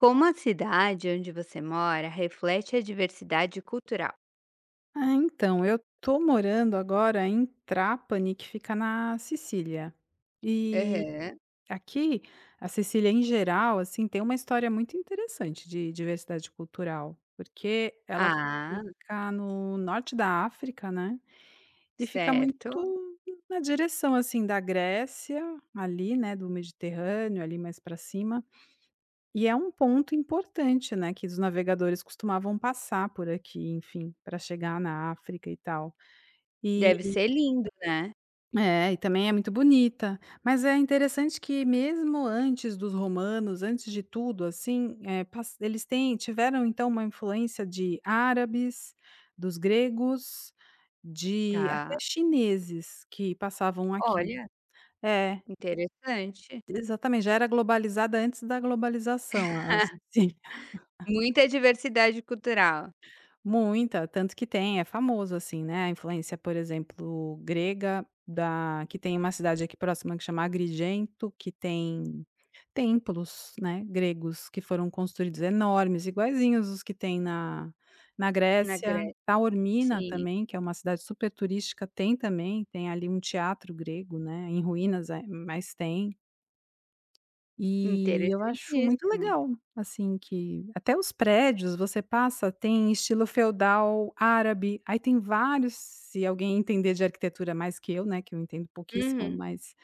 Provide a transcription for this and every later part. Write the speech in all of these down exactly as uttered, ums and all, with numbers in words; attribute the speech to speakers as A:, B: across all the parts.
A: Como a cidade onde você mora reflete a diversidade cultural?
B: Ah, então, eu tô morando agora em Trapani que fica na Sicília. E
A: Aham.
B: aqui, a Sicília em geral, assim, tem uma história muito interessante de diversidade cultural. Porque ela
A: Ah.
B: fica no norte da África, né. E fica
A: Certo.
B: muito na direção, assim, da Grécia, ali, né, do Mediterrâneo, ali, mais pra cima. E é um ponto importante, né, que os navegadores costumavam passar por aqui, enfim, pra chegar na África e tal. Eh
A: Deve ser lindo, né?
B: É e também é muito bonita. Mas é interessante que, mesmo antes dos romanos, antes de tudo, assim, eh, passa eles têm tiveram então uma influência de árabes, dos gregos, de até
A: Tá.
B: chineses que passavam aqui.
A: Olha.
B: É.
A: Interessante.
B: E exatamente. Já era globalizada antes da globalização, a assim.
A: Muita diversidade cultural.
B: Muita, tanto que tem é famoso, assim, né, a influência, por exemplo, grega da que tem uma cidade aqui próxima que chama Agrigento que tem templos, né, gregos que foram construídos, enormes, iguaizinhos os que tem na na
A: Na
B: Grécia.
A: Grécia,
B: Taormina
A: sim.
B: também, que é uma cidade super turística, tem também, tem ali um teatro grego, né, em ruínas, eh, mas tem. E eu acho muito
A: Interessatíssimo.
B: legal, assim, que até os prédios você passa têm estilo feudal árabe. Aí tem vários se alguém entender de arquitetura mais que eu, né, que eu entendo pouquíssimo,
A: Uhum.
B: mas,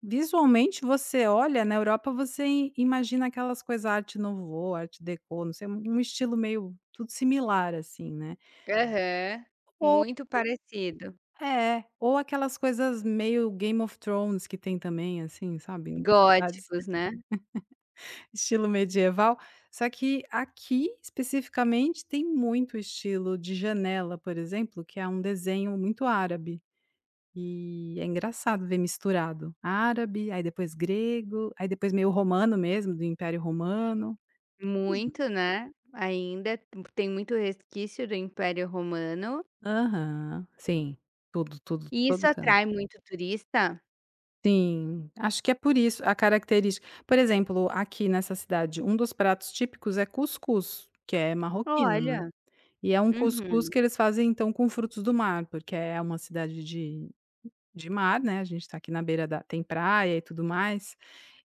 B: visualmente, você olha na Europa, você i imagina aquelas coisas: Arte Nouveau, Arte Deco, não sei, no estilo meio tudo similar, assim, né?
A: Aham.
B: Ou
A: Muito parecido.
B: É, ou aquelas coisas meio Game of Thrones que tem também, assim, sabe. Cidades,
A: Góticos, né?
B: estilo medieval. Só que aqui, especificamente, tem muito estilo de janela, por exemplo, que é um desenho muito árabe. E é engraçado ver misturado árabe, aí depois grego, aí depois meio romano mesmo, do Império Romano. [unintelligible]
A: Muito, né. Ainda, t tem muito resquício do Império Romano.
B: Aham. Sim, tudo, tudo,
A: E isso
B: todo canto.
A: atrai muito turista?
B: Sim, acho que é por isso a característica. Por exemplo: aqui nessa cidade, um dos pratos típicos é cuscuz, que é marroquino, né,
A: Olha!
B: e é um cuscuz que
A: Uhum.
B: eles fazem então com frutos do mar, porque é uma cidade de de mar, né, a gente está aqui na beira da tem praia e tudo mais.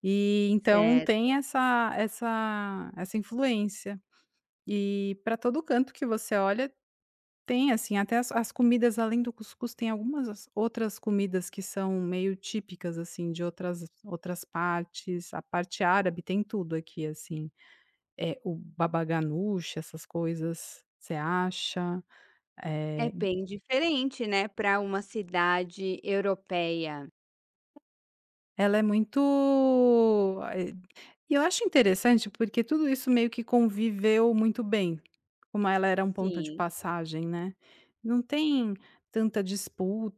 B: E então tem
A: Certo.
B: essa essa essa influência. E pra todo canto que você olha, tem assim, até as as comidas, além do cuscuz, tem algumas as outras comidas que são meio típicas, assim, de outras outras partes, a parte árabe tem tudo aqui, assim, eh, o babaganuche, essas coisas você acha,
A: É
B: eh
A: bem diferente, né, pra uma cidade europeia.
B: Ela é muito, ah ê e eu acho interessante porque tudo isso meio que conviveu muito bem, como ela era um ponto de
A: Sim.
B: passagem, né. Não tem tanta disputa,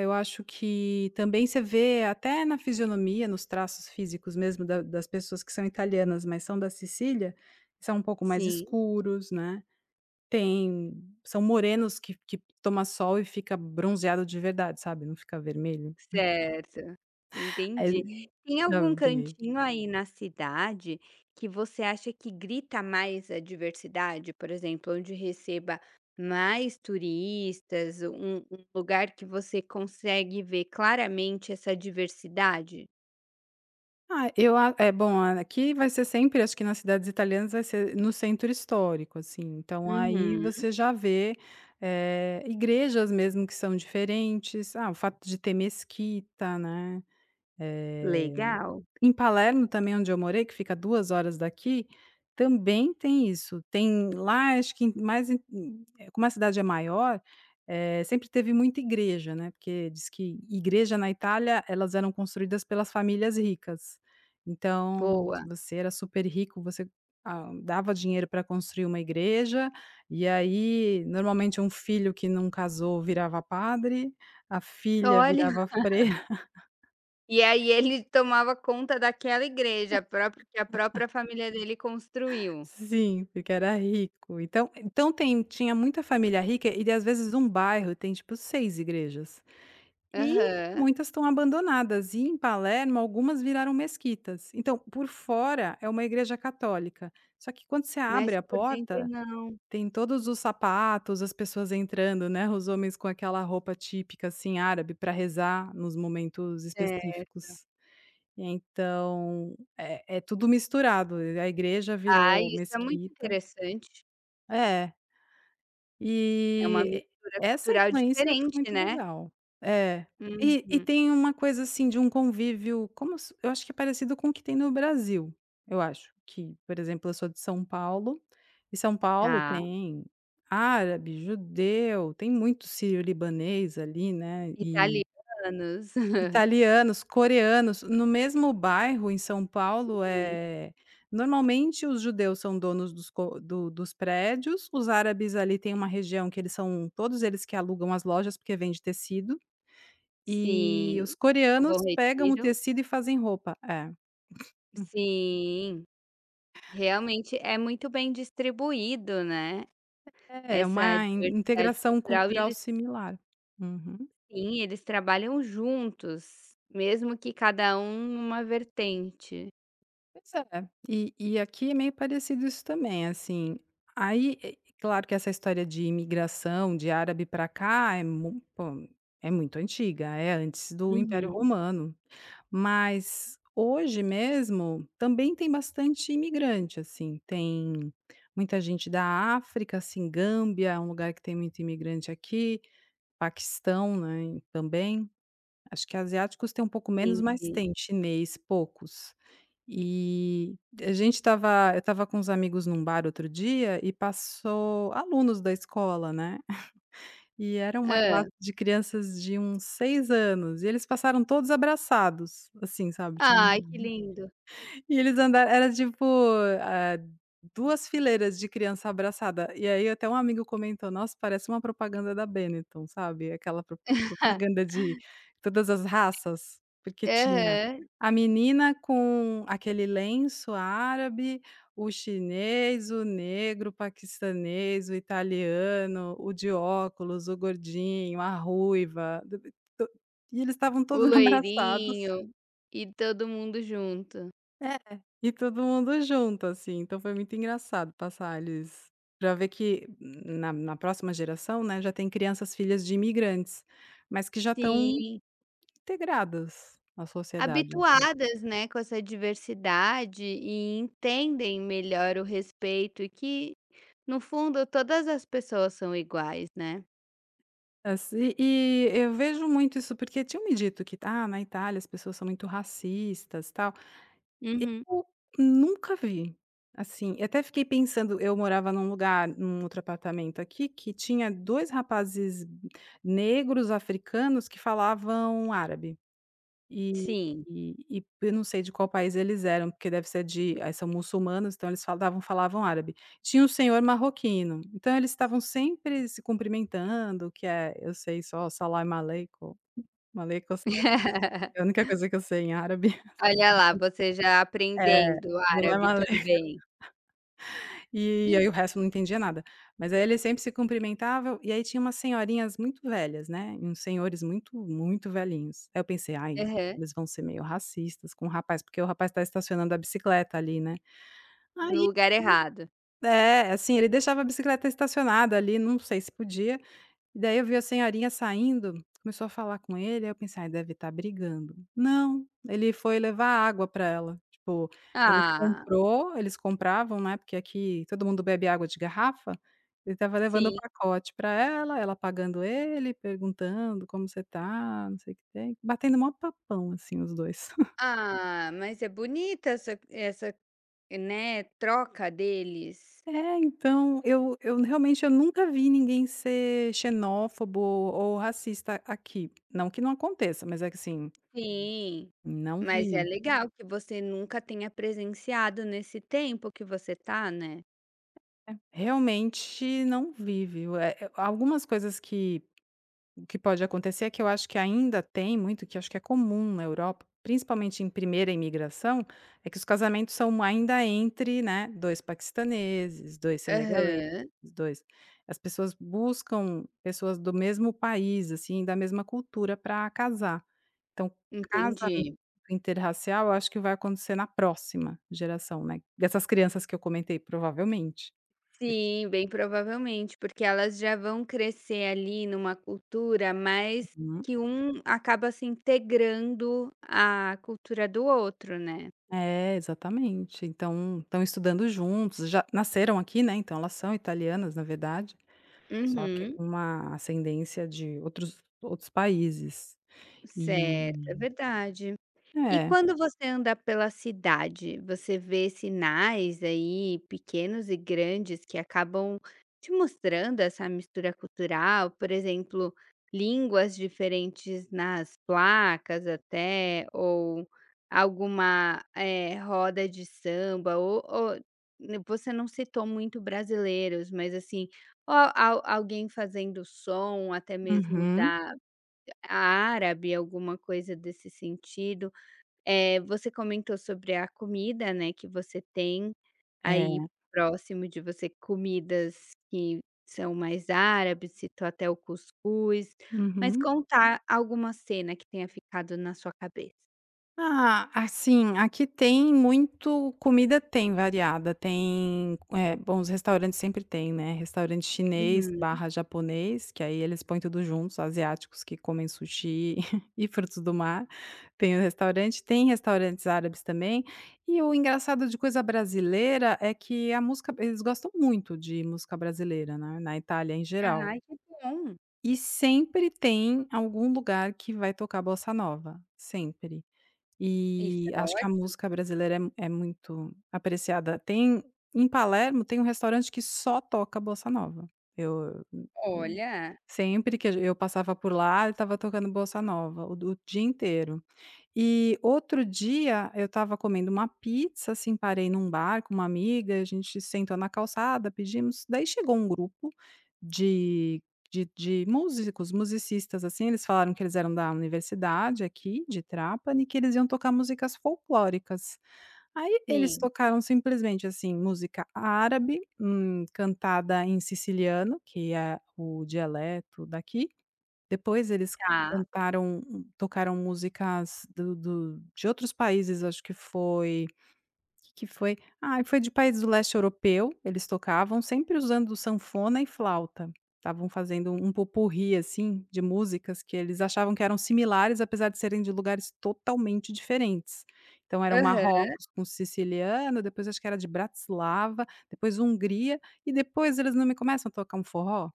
B: eu acho que também você vê até na fisionomia, nos traços físicos mesmo da das pessoas que são italianas, mas são da Cecília, são um pouco mais
A: Sim.
B: escuros, né, tem são morenos que que toma sol e fica bronzeado de verdade, sabe, não fica vermelho.
A: Certo. Entendi. Tem algum
B: [unintelligible]
A: cantinho aí na cidade que você acha que grita mais a diversidade? Por exemplo, onde receba mais turistas, um um lugar que você consegue ver claramente essa diversidade?
B: Ah, eu a é bom a a aqui vai ser sempre, acho que nas cidades italianas, vai ser no centro histórico, assim. Então aí
A: Uhum.
B: você já vê, eh, igrejas mesmo que são diferentes. Ah, o fato de ter mesquita, né?
A: Legal.
B: Eh, em Palermo também onde eu morei, que fica a duas horas daqui, também tem isso, tem lá acho que mais hum eh, como a cidade é maior, eh, sempre teve muita igreja, né, porque diz que igreja na Itália, elas eram construídas pelas famílias ricas. Então, se
A: Boa.
B: você era super rico você, ah, dava dinheiro pra construir uma igreja e aí normalmente um filho que não casou virava padre, a filha
A: Olha!
B: virava freira.
A: E aí ele tomava conta daquela igreja própria que a própria família dele construiu.
B: Sim, porque era rico. Então então tem tinha muita família rica e daí às vezes um bairro tem tipo seis igrejas e
A: Aham.
B: muitas estão abandonadas. E em Palermo, algumas viraram mesquitas. Então, por fora é uma igreja católica, só que quando você abre
A: Mas
B: a
A: por dentro
B: porta,
A: não.
B: tem todos os sapatos, as pessoas entrando, né, os homens com aquela roupa típica, assim, árabe para rezar nos momentos
A: Certo.
B: específicos. Então, é é tudo misturado, a a igreja
A: Ah,
B: virou
A: isso é muito
B: mesquita.
A: interessante.
B: É.
A: É uma
B: E
A: mistura
B: e essa
A: cultural
B: influência ficou
A: diferente,
B: muito
A: né?
B: legal. É. E e
A: Uhum.
B: tem uma coisa assim de um convívio, como se eu acho que é parecido com o que tem no Brasil, eu acho que, por exemplo: eu sou de São Paulo e São Paulo
A: Tá.
B: tem árabe, judeu, tem muito síriolibanês ali, né, e
A: Italianos.
B: italianos, coreanos, no mesmo bairro em São Paulo,
A: Uhum.
B: eh, normalmente os judeus são donos dos co do dos prédios. Os árabes ali têm uma região que eles são todos eles que alugam as lojas, porque vende tecido. E os
A: Sim, no Bom
B: coreanos pegam o
A: Retiro.
B: tecido e fazem roupa, é.
A: Sim. Realmente é muito bem distribuído, né,
B: É, é
A: essa
B: uma in
A: diversidade
B: integração
A: cultural e
B: cultural
A: eles
B: similar. Uhum.
A: Sim, eles trabalham juntos, mesmo que cada um em uma vertente.
B: Pois é. E e aqui é meio parecido isso também, assim, aí é é claro que essa história de imigração de árabe pra cá é mui [unintelligible] É muito antiga, é antes do Império
A: Uhum.
B: Romano. Mas hoje mesmo também tem bastante imigrante, assim, tem muita gente da África, assim, Gâmbia é um lugar que tem muito imigrante aqui, Paquistão, né, também, acho que asiáticos têm um pouco menos, mas
A: Entendi.
B: tem chinês, poucos. E, e a gente estava eu estava com uns amigos em um bar outro dia e passou alunos da escola, né? E era uma classe
A: Hã.
B: de crianças de uns seis anos e eles passaram todos abraçados, assim, sabe, tinha [unintelligible]
A: Ai, que lindo.
B: E eles anda era tipo, eh, duas fileiras de criança abraçada e aí até um amigo comentou: "Nossa! Parece uma propaganda da Beniton." Sabe? Aquela prop propaganda de todas as raças, porque tinha
A: Aham.
B: a menina com aquele lenço árabe, o chinês, o negro, o paquistanês, o italiano, o de óculos, o gordinho, a ruiva, to e eles estavam
A: O
B: todos abraçados.
A: loirinho e todo mundo junto.
B: É, e todo mundo junto, assim. Então foi muito engraçado passar eles pra vê que na na próxima geração, né, já tem crianças, filhas de imigrantes, mas que já estão
A: Sim.
B: integradas, à sociedade, assim.
A: Habituadas, né, com essa diversidade, e entendem melhor o respeito. E que, no fundo, todas as pessoas são iguais, né.
B: Assim e eu vejo muito isso porque tinham me dito que: "Ah, na Itália, as pessoas são muito racistas, tal".
A: Uhum.
B: Eu nunca vi, assim. Eu até fiquei pensando, eu morava num lugar, num outro apartamento aqui, que tinha dois rapazes negros, africanos, que falavam árabe. E
A: Sim.
B: e e p eu não sei de qual país eles eram, porque deve ser de a são muçulmanos, então eles falavam da falavam árabe. Tinha um senhor marroquino, então eles
A: S
B: estavam sempre se cumprimentando, que é, eh, eu sei só Salamaleico, Alaikum essalam a única coisa que eu sei em árabe.
A: Olha lá, você já
B: É.
A: aprendendo árabe
B: Salamaleico
A: também.
B: E aí, o resto eu não entendia nada. Mas aí eles sempre se cumprimentava. E aí tinha umas senhorinhas muito velhas, né, e uns senhores muito, muito velhinhos. Aí eu pensei: "Ai,
A: Aham.
B: eles vão ser meio racistas com o rapaz". Porque o rapaz está estacionando a bicicleta ali, né.
A: No
B: Aí
A: lugar errado.
B: é, assim, ele deixava a bicicleta estacionada ali, não sei se podia. Daí eu vi a senhorinha saindo, começou a falar com ele. Aí eu pensei: "Deve estar brigando." Não, ele foi levar água pra ela. Tipo, ele
A: Ah.
B: comprou, eles compravam, né, porque aqui todo mundo bebe água de garrafa, ele estava levando o
A: Sim.
B: pacote pra ela, ela pagando pra ele, perguntando: "Como você está?", não sei o que tem, batendo o maior papão, assim, os dois.
A: Ah, mas é bonita essa essa, né, troca deles.
B: É, então, eu eu realmente eu nunca vi ninguém ser xenófobo ou racista aqui. Não que não aconteça, mas é que assim
A: Sim.
B: não
A: Mas é
B: vi.
A: legal que você nunca tenha presenciado nesse tempo que você está, né.
B: É, realmente não vive. Eh eh, a algumas coisas que que pode acontecer, é que eu acho que ainda tem muito, que acho que é comum na Europa, principalmente em primeira imigração, é que os casamentos são ainda entre, né, dois paquistaneses, dois senegaleses,
A: Aham.
B: dois as pessoas buscam pessoas do mesmo país, assim, da mesma cultura pra casar. Então, casamento
A: Entendi.
B: interracial eu acho que vai acontecer na próxima geração, né, dessas crianças que eu comentei provavelmente. Porque
A: Sim, bem provavelmente. Porque elas já vão crescer ali numa cultura mais
B: Uhum.
A: que um acaba se integrando a cultura do outro, né.
B: É, exatamente. Então estão estudando juntos, já nasceram aqui, né, então elas são italianas na verdade, só que
A: Uhum.
B: com uma ascendência de outros outros países.
A: Certo, é
B: E
A: verdade. E
B: É.
A: quando você anda pela cidade, você vê sinais, aí, pequenos e grandes que acabam te mostrando essa mistura cultural? Por exemplo, línguas diferentes nas placas até ou alguma, eh, roda de samba ou ou n você não citou muito brasileiros mas assim, ou al alguém fazendo som até mesmo
B: Uhum.
A: da árabe alguma coisa desse sentido. Eh, você comentou sobre a comida, né, que você tem aí
B: É.
A: próximo de você, comidas que são mais árabes, citou até o cuscuz. Mas
B: Uhum.
A: conta a alguma cena que tenha ficado na sua cabeça.
B: Ah, assim, aqui tem muito comida tem variada. Tem eh, bom os restaurantes sempre têm, né. Restaurante chinês
A: Uhum.
B: barra japonês, que aí eles põem tudo juntos, asiáticos que comem sushi e frutos do mar, tem o restaurante. Tem restaurantes árabes também. E o engraçado de coisa brasileira é que a música eles gostam muito de música brasileira, né, na Itália em geral.
A: Ai, que bom.
B: E sempre tem algum lugar que vai tocar bossa nova, sempre.
A: Isso
B: Eh,
A: é
B: acho que a
A: ótimo.
B: música brasileira é é muito apreciada. Tem, em Palermo, tem um restaurante que só toca bossa nova. Eu eu
A: Olha.
B: sempre que a g eu passava por lá eu estava tocando bossa nova, o do o dia inteiro. E, outro dia eu estava comendo uma pizza, assim, parei num bar com uma amiga; a gente sentou na calçada, pedimos. Daí chegou um grupo de de de músicos, musicistas, assim. Eles falaram que eles eram da universidade, aqui de Trapani, que eles iam tocar músicas folclóricas. Aí eles
A: Sim.
B: tocaram, simplesmente, assim, música árabe, hum, cantada em Siciliano, que é o dialeto daqui, depois eles
A: Tá.
B: cantaram o tocaram músicas do do de outros países. Acho que foi, que que foi? Ah, foi de países do Leste Europeu, eles tocavam. Sempre usando sanfona e flauta, estavam fazendo um pot-pourri, assim, de músicas que eles achavam que eram similares, apesar de serem de lugares totalmente diferentes. Então era o
A: Aham.
B: Marrocos com o Siciliano, depois acho que era de Bratislava, depois Hungria e depois, eles não me começam a tocar forró?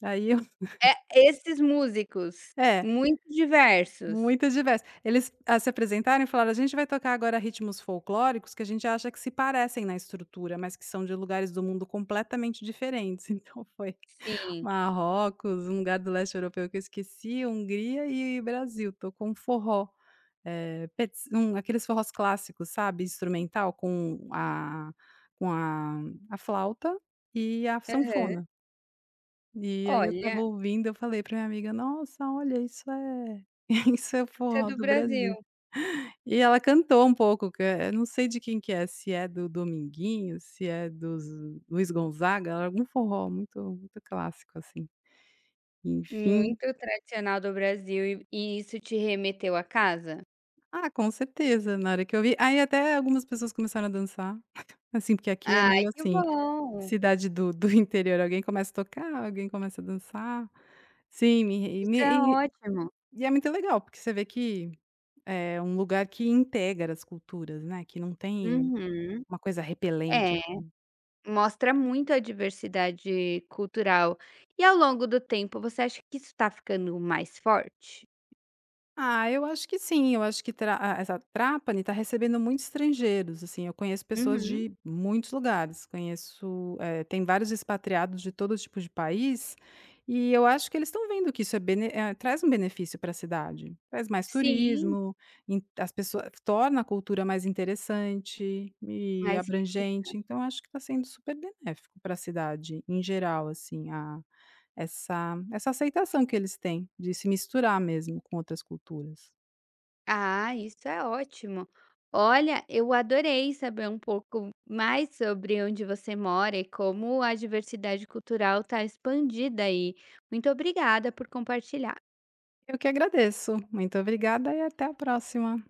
B: Daí eu
A: É esses músicos,
B: É.
A: muito diversos.
B: Muito diverso. Eles a se apresentaram e falaram: "A gente vai tocar agora ritmos folclóricos que a gente acha que se parecem na estrutura, mas que são de lugares do mundo completamente diferentes". Então foi
A: Sim.
B: Marrocos, um lugar do Leste Europeu que eu esqueci, Hungria e Brasil, tocou um forró. Eh, pets hum, aqueles forros clássicos, sabe. Instrumental com a com a a flauta e a
A: Aham.
B: sanfona. E aí eu
A: Olha.
B: estava ouvindo, eu falei pra minha amiga: "Nossa! Olha, isso é isso é o
A: Essa é
B: forró
A: do
B: do
A: Brasil.
B: Brasil". E ela cantou um pouco que, eh eh, não sei de quem que é, se é do Dominguinhos, se é do zu Luiz Gonzaga. Era algum forró muito muito clássico assim, enfim.
A: Muito tradicional do Brasil e e isso te remeteu a casa?
B: Ah, com certeza, na hora que eu vi aí até algumas pessoas começaram a dançar. Assim, porque aqui é
A: Ai,
B: meio
A: que
B: assim,
A: bom.
B: cidade do do interior, alguém começa a tocar, alguém começa a dançar. Sim, me re e
A: Isso
B: me
A: é
B: re
A: ótimo.
B: e é muito legal, porque você vê que é um lugar que integra as culturas, né, que não tem
A: Uhum.
B: uma coisa repelente,
A: É,
B: assim.
A: mostra muita diversidade cultural. E ao longo do tempo, você acha que isso tá ficando mais forte?
B: Ah, eu acho que sim, eu acho que Tra ah ,essa Trapani tá recebendo muitos estrangeiros, assim, eu conheço pessoas
A: Uhum.
B: de muitos lugares. Conheço, eh, tem vários expatriados de todo tipo de país e eu acho que eles estão vendo que isso é bene eh, traz um benefício pra cidade. Traz mais
A: Sim.
B: turismo, ent as pessoas, eh, f torna a cultura mais interessante e
A: Mas fica.
B: abrangente, então, acho que tá sendo super benéfico pra cidade, em geral, assim, a essa essa aceitação que eles têm de se misturar mesmo com outras culturas.
A: Ah, isso é ótimo. Olha, eu adorei saber um pouco mais sobre onde você mora e como a diversidade cultural tá expandida aí. Muito obrigada por compartilhar.
B: Eu que agradeço. Muito obrigada e até a próxima.